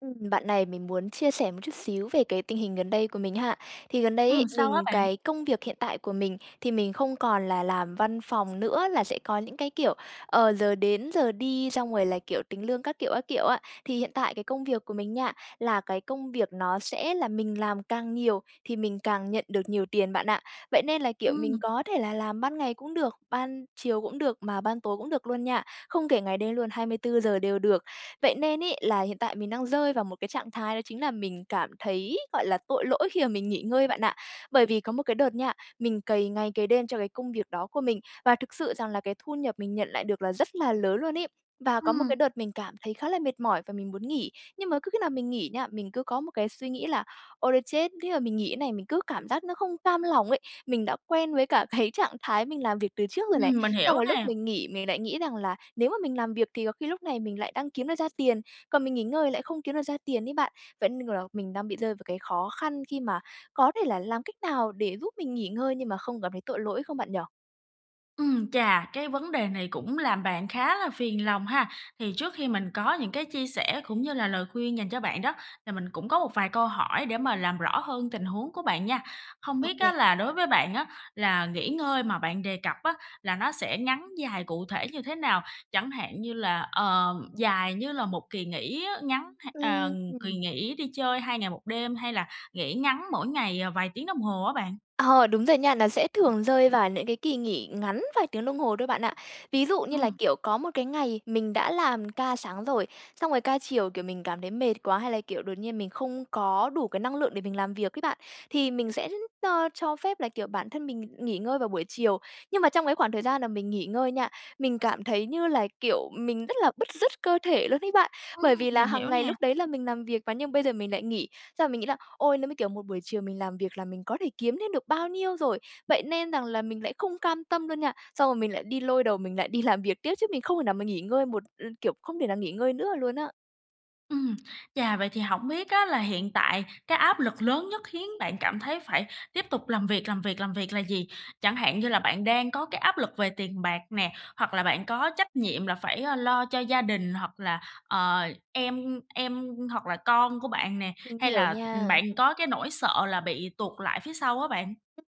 Ừm, bạn này! Mình muốn chia sẻ một chút xíu về cái tình hình gần đây của mình ha. Thì gần đây ấy Ừm, sao á mình bạn? cái công việc hiện tại của mình thì mình không còn là làm văn phòng nữa, là sẽ có những cái, kiểu, ờ, giờ đến giờ đi xong rồi là, kiểu, tính lương các kiểu, các kiểu á. Thì hiện tại cái công việc của mình nha, là cái công việc nó sẽ là mình làm càng nhiều thì mình càng nhận được nhiều tiền bạn ạ, vậy nên là, kiểu, mình Ừm. có thể là làm ban ngày cũng được, ban chiều cũng được, mà ban tối cũng được luôn nha, không kể ngày đêm luôn, 24 giờ đều được, vậy nên ấy là hiện tại mình đang rơi vào một cái trạng thái đó chính là mình cảm thấy, gọi là, tội lỗi khi mà mình nghỉ ngơi bạn ạ. Bởi vì có một cái đợt nha, mình cày ngày cày đêm cho cái công việc đó của mình, và thực sự rằng là cái thu nhập mình nhận lại được là rất là lớn luôn ấy, và có một cái Ừm. đợt mình cảm thấy khá là mệt mỏi và mình muốn nghỉ, nhưng mà cứ khi nào mình nghỉ nha, mình cứ có một cái suy nghĩ là "Ôi thôi chết. Thế mà mình nghỉ thế này, mình cứ cảm giác nó không cam lòng ấy." Mình đã quen với cả cái trạng thái mình làm việc từ trước rồi này, Ừm, mình hiểu xong rồi lúc nè. mình nghỉ mình lại nghĩ rằng là nếu mà mình làm việc thì có khi lúc này mình lại đang kiếm được ra tiền, còn mình nghỉ ngơi lại không kiếm được ra tiền ấy bạn. Vẫn nên, kiểu là, mình đang bị rơi vào cái khó khăn khi mà có thể là làm cách nào để giúp mình nghỉ ngơi nhưng mà không cảm thấy tội lỗi không bạn nhỉ? Ừm, chà, cái vấn đề này cũng làm bạn khá là phiền lòng ha, thì trước khi mình có những cái chia sẻ cũng như là lời khuyên dành cho bạn đó, thì mình cũng có một vài câu hỏi để mà làm rõ hơn tình huống của bạn nha. Hông biết á OK. là đối với bạn á, là nghỉ ngơi mà bạn đề cập á, là nó sẽ ngắn dài cụ thể như thế nào? Chẳng hạn như là, ờm, dài như là một kỳ nghỉ á, ngắn h ờ, Ưm kỳ hừm. nghỉ đi chơi 2 ngày 1 đêm hay là nghỉ ngắn mỗi ngày, ờ, vài tiếng đồng hồ á bạn. Ờ, đúng rồi nha, nó sẽ thường rơi vào những cái kỳ nghỉ ngắn vài tiếng đồng hồ thôi bạn ạ. Ví dụ như là, Ừm. kiểu, có một cái ngày mình đã làm ca sáng rồi, xong rồi ca chiều, kiểu, mình cảm thấy mệt quá hay là, kiểu, đột nhiên mình không có đủ cái năng lượng để mình làm việc ấy bạn, thì mình sẽ [unintelligible] ơ, cho phép, là kiểu, bản thân mình nghỉ ngơi vào buổi chiều. Nhưng mà trong cái khoảng thời gian là mình nghỉ ngơi nha, mình cảm thấy như là, kiểu, mình rất là bứt rứt cơ thể luôn ấy bạn, Ừm, bởi vì là mình hiểu hàng ngày lúc nè. đấy là mình làm việc mà nhưng mà bây giờ mình lại nghỉ, xong mình nghĩ là "Ôi, nếu mà, kiểu, một buổi chiều mình làm việc là mình có thể kiếm thêm được bao nhiêu rồi." Vậy nên rằng là mình lại không cam tâm luôn nha, xong rồi mình lại đi lôi đầu mình lại đi làm việc tiếp chứ mình không thể nào mà nghỉ ngơi một ưm, kiểu, không thể nào nghỉ ngơi nữa luôn á. Ừm. Chà, vậy thì hổng biết á là hiện tại cái áp lực lớn nhất khiến bạn cảm thấy phải tiếp tục làm việc, làm việc, làm việc là gì? Chẳng hạn như là bạn đang có cái áp lực về tiền bạc nè, hoặc là bạn có trách nhiệm là phải, ơ, lo cho gia đình, hoặc là, ờ, em em, hoặc là con của bạn nè, Mình hay hiểu là, ừm, nha. bạn có cái nỗi sợ là bị tuột lại phía sau á bạn?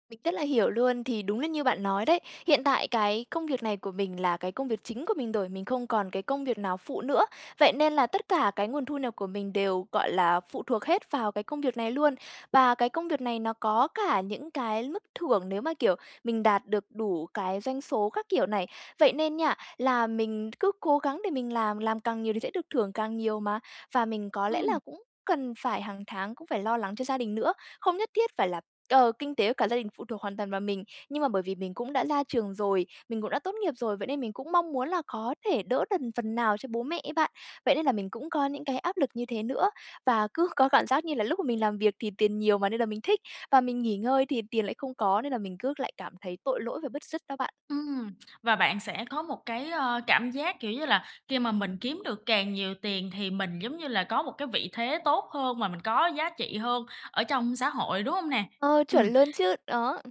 Mình rất là hiểu luôn. Thì đúng là như bạn nói đấy. Hiện tại cái công việc này của mình là cái công việc chính của mình rồi, mình không còn cái công việc nào phụ nữa. Vậy nên là tất cả cái nguồn thu nhập của mình đều, gọi là, phụ thuộc hết vào cái công việc này luôn. Và cái công việc này nó có cả những cái mức thưởng, nếu mà, kiểu, mình đạt được đủ cái doanh số các kiểu này. Vậy nên nha, là mình cứ cố gắng để mình làm, làm càng nhiều thì sẽ được thưởng càng nhiều mà. Và mình có lẽ là Ừm. cũng cần phải hàng tháng cũng phải lo lắng cho gia đình nữa. Không nhất thiết phải là, ờ, kinh tế cả gia đình phụ thuộc hoàn toàn vào mình, nhưng mà bởi vì mình cũng đã ra trường rồi, mình cũng đã tốt nghiệp rồi, vậy nên mình cũng mong muốn là có thể đỡ đần phần nào cho bố mẹ ấy bạn. Vậy nên là mình cũng có những cái áp lực như thế nữa. Và cứ có cảm giác như là lúc mà mình làm việc thì tiền nhiều mà, nên là mình thích và mình nghỉ ngơi thì tiền lại không có, nên là mình cứ lại cảm thấy tội lỗi và bứt rứt đó bạn. Ừm, và bạn sẽ có một cái, ơ, cảm giác, kiểu như là, khi mà mình kiếm được càng nhiều tiền thì mình, giống như là, có một cái vị thế tốt hơn và mình có giá trị hơn ở trong xã hội, đúng hông nè? Ờ, Ừm. chuẩn luôn chứ. Đó.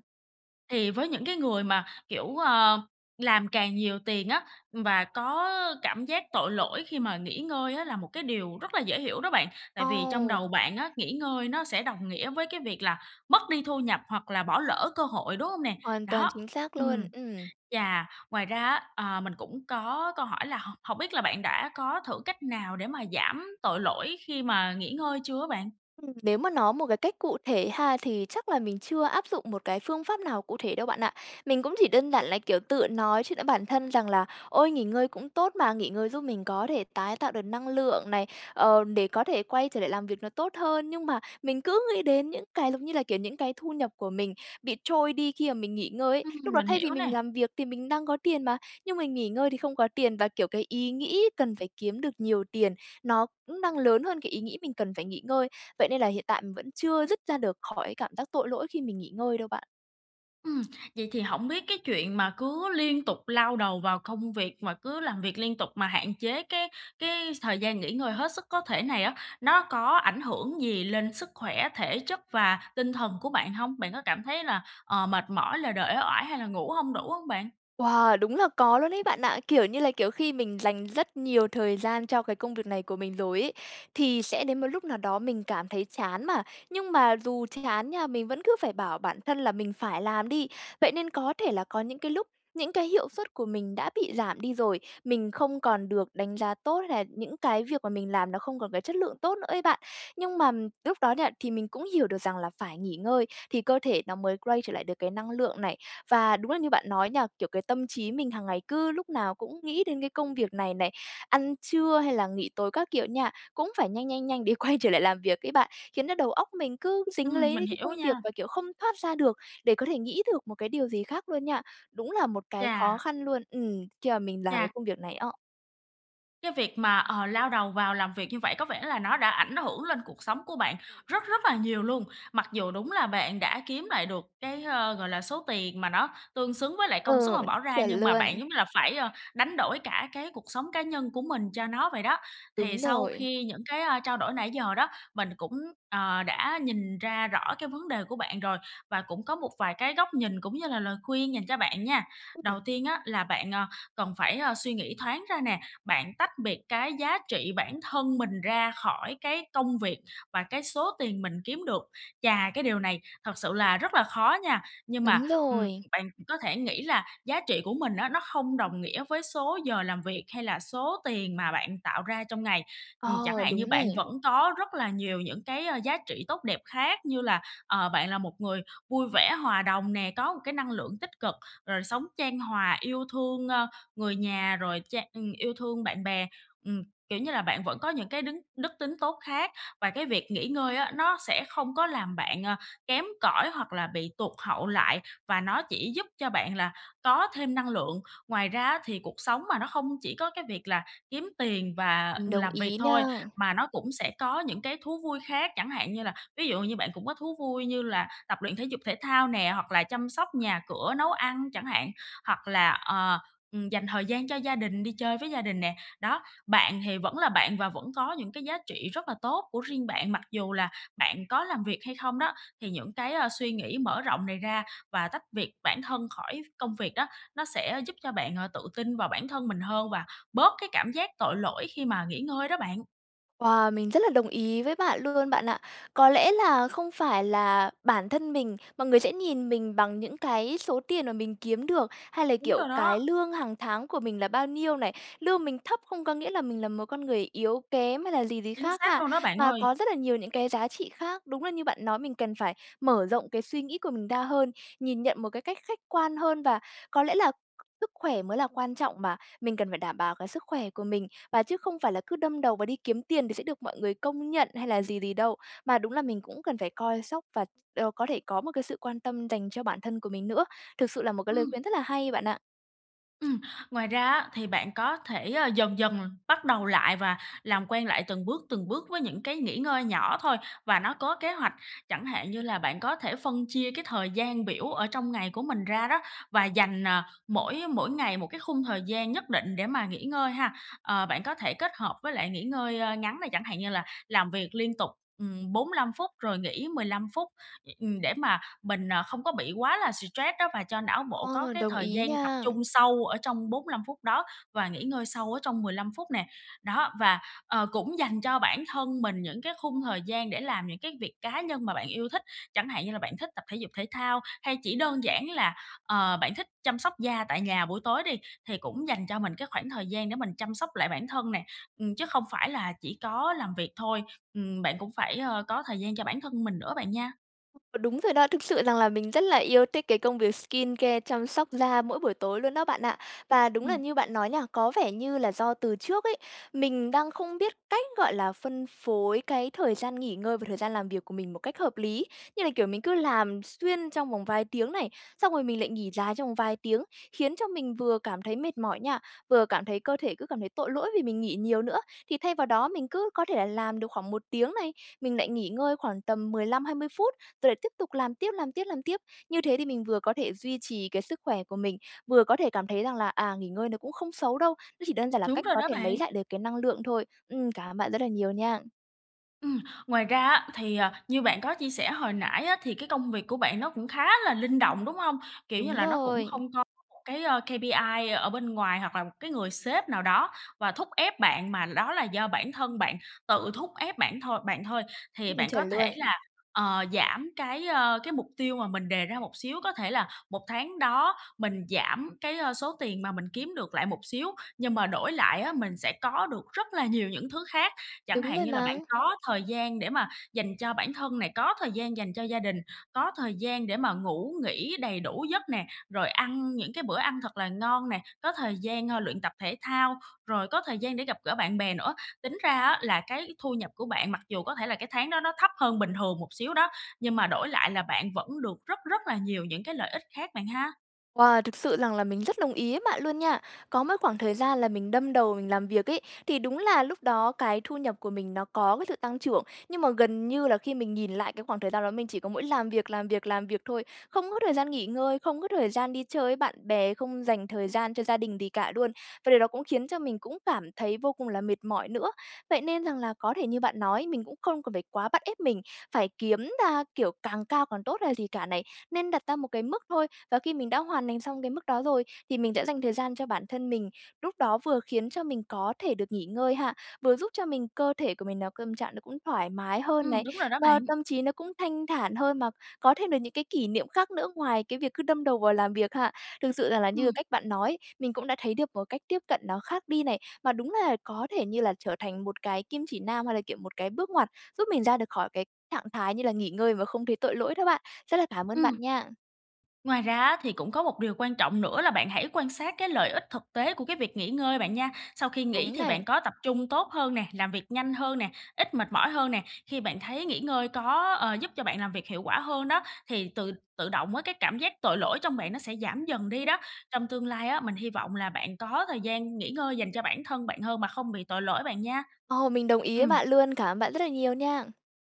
Thì với những cái người mà, kiểu, ờ, làm càng nhiều tiền á, và có cảm giác tội lỗi khi mà nghỉ ngơi á là một cái điều rất là dễ hiểu đó bạn, tại vì trong đầu Ồ! bạn á, nghỉ ngơi nó sẽ đồng nghĩa với cái việc là mất đi thu nhập, hoặc là bỏ lỡ cơ hội, đúng hông nè? Hoàn toàn Đó. chính xác luôn. Ừm. Ừm. Và ngoài ra á, ờ, mình cũng có câu hỏi là h hổng biết là bạn đã có thử cách nào để mà giảm tội lỗi khi mà nghỉ ngơi chưa á bạn? Ừm, nếu mà nói một cái cách cụ thể ha thì chắc là mình chưa áp dụng một cái phương pháp nào cụ thể đâu bạn ạ. Mình cũng chỉ đơn giản là, kiểu, tự nói chuyện với bản thân rằng là "Ôi, nghỉ ngơi cũng tốt mà, nghỉ ngơi giúp mình có thể tái tạo được năng lượng này, ờ, để có thể quay trở lại làm việc nó tốt hơn." Nhưng mà mình cứ nghĩ đến những cái, giống như là, kiểu, những cái thu nhập của mình bị trôi đi khi mà mình nghỉ ngơi ấy. Ừm, Lúc đó mình thay vì hiểu mình nè. làm việc thì mình đang có tiền mà, nhưng mình nghỉ ngơi thì không có tiền và, kiểu, cái ý nghĩ cần phải kiếm được nhiều tiền, nó cũng đang lớn hơn cái ý nghĩ mình cần phải nghỉ ngơi. Vậy nên là hiện tại mình vẫn chưa dứt ra được khỏi cảm giác tội lỗi khi mình nghỉ ngơi đâu bạn. Ừm, vậy thì hổng biết cái chuyện mà cứ liên tục lao đầu vào công việc mà cứ làm việc liên tục mà hạn chế cái cái thời gian nghỉ ngơi hết sức có thể này á, nó có ảnh hưởng gì lên sức khỏe, thể chất và tinh thần của bạn hông? Bạn có cảm thấy là, ờ, mệt mỏi, lờ đờ, uể oải, hay là ngủ hông đủ hông bạn? Wow, đúng là có luôn đấy bạn ạ, kiểu như là, kiểu, khi mình dành rất nhiều thời gian cho cái công việc này của mình rồi ấy, thì sẽ đến một lúc nào đó mình cảm thấy chán mà, nhưng mà dù chán nha, mình vẫn cứ phải bảo bản thân là mình phải làm đi. Vậy nên có thể là có những cái lúc, những cái hiệu suất của mình đã bị giảm đi rồi, mình không còn được đánh giá tốt, hay là những cái việc mà mình làm nó không còn cái chất lượng tốt nữa ấy bạn, nhưng mà lúc đó nha, thì mình cũng hiểu được rằng là phải nghỉ ngơi thì cơ thể nó mới quay trở lại được cái năng lượng này. Và đúng là như bạn nói nha, kiểu, cái tâm trí mình hằng ngày cứ lúc nào cũng nghĩ đến cái công việc này này, ăn trưa hay là nghỉ tối các kiểu nha, cũng phải nhanh, nhanh, nhanh để quay trở lại làm việc ấy bạn, khiến nó đầu óc mình cứ dính Ừm, lấy mình đấy cái công hiểu việc nha. và, kiểu, không thoát ra được để có thể nghĩ được một cái điều gì khác luôn nha. Đúng là một cái Chà! khó khăn luôn, ừm, khi mà mình làm cái Chà! công việc này á. Cái việc mà, ờ, lao đầu vào làm việc như vậy có vẻ là nó đã ảnh hưởng lên cuộc sống của bạn rất rất là nhiều luôn. Mặc dù đúng là bạn đã kiếm lại được cái, ờ, gọi là, số tiền mà nó tương xứng với lại công sức Ừ, mà bỏ ra, chuẩn nhưng mà bạn luôn. giống như là phải, a, đánh đổi cả cái cuộc sống cá nhân của mình cho nó vậy đó. Thì Đúng sau rồi. khi những cái, a, trao đổi nãy giờ đó, mình cũng, ờ, đã nhìn ra rõ cái vấn đề của bạn rồi và cũng có một vài cái góc nhìn cũng như là lời khuyên dành cho bạn nha. Đầu Ừm. tiên á là bạn, ờ, cần phải, a, suy nghĩ thoáng ra nè, bạn tách biệt cái giá trị bản thân mình ra khỏi cái công việc và cái số tiền mình kiếm được. Và cái điều này thật sự là rất là khó nha. Nhưng mà, Đúng ừm, rồi! bạn có thể nghĩ là giá trị của mình á, nó không đồng nghĩa với số giờ làm việc hay là số tiền mà bạn tạo ra trong ngày. Ừm, chẳng Ờ, hạn như đúng bạn này. vẫn có rất là nhiều những cái, a, giá trị tốt đẹp khác như là, ờ, bạn là một người vui vẻ, hòa đồng nè, có một cái năng lượng tích cực, rồi sống chan hòa, yêu thương, ơ, người nhà rồi cha ừm, yêu thương bạn bè. Ừm, kiểu như là, bạn vẫn có những cái đứng đức tính tốt khác, và cái việc nghỉ ngơi á, nó sẽ không có làm bạn, à, kém cỏi hoặc là bị tụt hậu lại và nó chỉ giúp cho bạn là có thêm năng lượng. Ngoài ra á thì cuộc sống mà, nó không chỉ có cái việc là kiếm tiền và Mình đồng làm việc ý thôi, nha. mà nó cũng sẽ có những cái thú vui khác, chẳng hạn như là ví dụ như bạn cũng có thú vui như là tập luyện thể dục thể thao nè, hoặc là chăm sóc nhà cửa, nấu ăn chẳng hạn, hoặc là, ờ, ừm, dành thời gian cho gia đình, đi chơi với gia đình nè. Đó, bạn thì vẫn là bạn và vẫn có những cái giá trị rất là tốt của riêng bạn. Mặc dù là bạn có làm việc hay không đó, thì những cái, a, suy nghĩ mở rộng này ra và tách việc bản thân khỏi ph công việc đó nó sẽ giúp cho bạn, ờ, tự tin vào bản thân mình hơn và bớt cái cảm giác tội lỗi khi mà nghỉ ngơi đó bạn. Wow! Mình rất là đồng ý với bạn luôn bạn ạ. Có lẽ là không phải là bản thân mình, mọi người sẽ nhìn mình bằng những cái số tiền mà mình kiếm được, hay là, Đúng kiểu, rồi đó. cái lương hàng tháng của mình là bao nhiêu này. Lương mình thấp không có nghĩa là mình là một con người yếu kém hay là gì gì Chính khác xác ha, luôn đó, bạn mà ơi! có rất là nhiều những cái giá trị khác. Đúng là như bạn nói mình cần phải mở rộng cái suy nghĩ của mình ra hơn, nhìn nhận một cái cách khách quan hơn. Và có lẽ là sức khỏe mới là quan trọng mà, mình cần phải đảm bảo cái sức khỏe của mình. Và chứ không phải là cứ đâm đầu vào đi kiếm tiền thì sẽ được mọi người công nhận hay là gì gì đâu, mà đúng là mình cũng cần phải coi sóc và, ờ, có thể có một cái sự quan tâm dành cho bản thân của mình nữa. Thực sự là một cái lời Ừm. khuyên rất là hay, bạn ạ. Ừm, ngoài ra á, thì bạn có thể, à, dần dần bắt đầu lại và làm quen lại từng bước, từng bước với những cái nghỉ ngơi nhỏ thôi, và nó có kế hoạch. Chẳng hạn như là bạn có thể phân chia cái thời gian biểu ở trong ngày của mình ra đó, và dành, à, mỗi mỗi ngày một cái khung thời gian nhất định để mà nghỉ ngơi ha. Ờ, bạn có thể kết hợp với lại nghỉ ngơi ngắn này, chẳng hạn như là làm việc liên tục, ừm, 45 phút rồi nghỉ 15 phút, ừm, để mà mình, à, không có bị quá là stress đó, và cho não bộ có Ơ, cái đồng thời ý gian tập nha. trung sâu ở trong 45 phút đó và nghỉ ngơi sâu ở trong 15 phút nè. Đó, và, ờ, cũng dành cho bản thân mình những cái khung thời gian để làm những cái việc cá nhân mà bạn yêu thích. Chẳng hạn như là bạn thích tập thể dục thể thao hay chỉ đơn giản là, ờ, bạn thích chăm sóc da tại nhà buổi tối đi, thì cũng dành cho mình cái khoảng thời gian để mình chăm sóc lại bản thân nè, ừm, chứ không phải là chỉ có làm việc thôi. Ừm, bạn cũng phải, ơ, có thời gian cho bản thân mình nữa bạn nha. Ờ, đúng rồi đó, thực sự rằng là mình rất là yêu thích cái công việc skincare, chăm sóc da mỗi buổi tối luôn đó bạn ạ. Và đúng là Ừm. như bạn nói nha, có vẻ như là do từ trước ấy, mình đang không biết cách, gọi là, phân phối cái thời gian nghỉ ngơi và thời gian làm việc của mình một cách hợp lý. Như là, kiểu, mình cứ làm xuyên trong vòng vài tiếng này, xong rồi mình lại nghỉ dài trong vòng vài tiếng, khiến cho mình vừa cảm thấy mệt mỏi nha, vừa cảm thấy cơ thể cứ cảm thấy tội lỗi vì mình nghỉ nhiều nữa. Thì thay vào đó mình cứ có thể là làm được khoảng 1 tiếng này, mình lại nghỉ ngơi khoảng tầm 15-20 phút, rồi lại tiếp tục làm tiếp, làm tiếp, làm tiếp. Như thế thì mình vừa có thể duy trì cái sức khỏe của mình, vừa có thể cảm thấy rằng là, à, nghỉ ngơi nó cũng không xấu đâu. Nó chỉ đơn giản là Đúng cách rồi có đó thể lấy bạn! lại được cái năng lượng thôi. Ừm, cảm ơn bạn rất là nhiều nha! Ừm. Ngoài ra á, thì, ờ, như bạn có chia sẻ hồi nãy á thì cái công việc của bạn nó cũng khá là linh động, đúng hông? Kiểu như Đúng là nó cũng rồi! không có một cái, ơ, KPI ở bên ngoài hoặc là một cái người sếp nào đó và thúc ép bạn mà đó là do bản thân bạn tự thúc ép bản thôi bạn thôi. Thì Ừm, bạn có chuẩn luôn. thể là, ờ, giảm cái, a, cái mục tiêu mà mình đề ra một xíu. Có thể là 1 tháng đó mình giảm cái, a, số tiền mà mình kiếm được lại một xíu, nhưng mà đổi lại á, mình sẽ có được rất là nhiều những thứ khác. Chẳng Đúng hạn rồi như là bạn mà. có thời gian để mà dành cho bản thân nè, có thời gian dành cho gia đình, có thời gian để mà ngủ, nghỉ đầy đủ giấc nè, rồi ăn những cái bữa ăn thật là ngon nè, có thời gian, a, luyện tập thể thao, rồi có thời gian để gặp gỡ bạn bè nữa. Tính ra á là cái thu nhập của bạn mặc dù có thể là cái tháng đó nó thấp hơn bình thường một xíu đó, nhưng mà đổi lại là bạn vẫn được rất rất là nhiều những cái lợi ích khác bạn ha. Wow! Thực sự rằng là mình rất đồng ý với bạn luôn nha! Có một khoảng thời gian là mình đâm đầu mình làm việc ấy, thì đúng là lúc đó cái thu nhập của mình nó có cái sự tăng trưởng, nhưng mà gần như là khi mình nhìn lại cái khoảng thời gian đó mình chỉ có mỗi làm việc, làm việc, làm việc thôi. Không có thời gian nghỉ ngơi, không có thời gian đi chơi với bạn bè, không dành thời gian cho gia đình gì cả luôn, và điều đó cũng khiến cho mình cũng cảm thấy vô cùng là mệt mỏi nữa. Vậy nên rằng là có thể như bạn nói, mình cũng không cần phải quá bắt ép mình phải kiếm ra, kiểu, càng cao càng tốt hay là gì cả này. Nên đặt ra một cái mức thôi và khi mình đã hoàn thành xong cái mức đó rồi, thì mình sẽ dành thời gian cho bản thân mình. Lúc đó vừa khiến cho mình có thể được nghỉ ngơi ha, vừa giúp cho mình cơ thể của mình nào câm trạng nó cũng thoải mái hơn Ừm, này, đúng rồi đó lo bạn! tâm trí nó cũng thanh thản hơn mà có thêm được những cái kỷ niệm khác nữa ngoài cái việc cứ đâm đầu vào làm việc ha. Thực sự rằng là như là Ừm. cách bạn nói, mình cũng đã thấy được một cách tiếp cận nó khác đi này. Mà đúng là có thể như là trở thành một cái kim chỉ nam, hay là, kiểu, một cái bước ngoặt giúp mình ra được khỏi cái trạng thái, như là, nghỉ ngơi mà không thấy tội lỗi đó bạn. Rất là cảm ơn bạn Ừm. nha! Ngoài ra á, thì cũng có một điều quan trọng nữa là bạn hãy quan sát cái lợi ích thực tế của cái việc nghỉ ngơi bạn nha. Sau khi nghỉ Đúng thì này. bạn có tập trung tốt hơn nè, làm việc nhanh hơn nè, ít mệt mỏi hơn nè. Khi bạn thấy nghỉ ngơi có, ờ, giúp cho bạn làm việc hiệu quả hơn đó, thì tự tự động á cái cảm giác tội lỗi trong bạn nó sẽ giảm dần đi đó. Trong tương lai á, mình hy vọng là bạn có thời gian nghỉ ngơi dành cho bản thân bạn hơn mà không bị tội lỗi bạn nha. Ồ, mình đồng ý với Ừm. bạn luôn. Cảm ơn bạn rất là nhiều nha!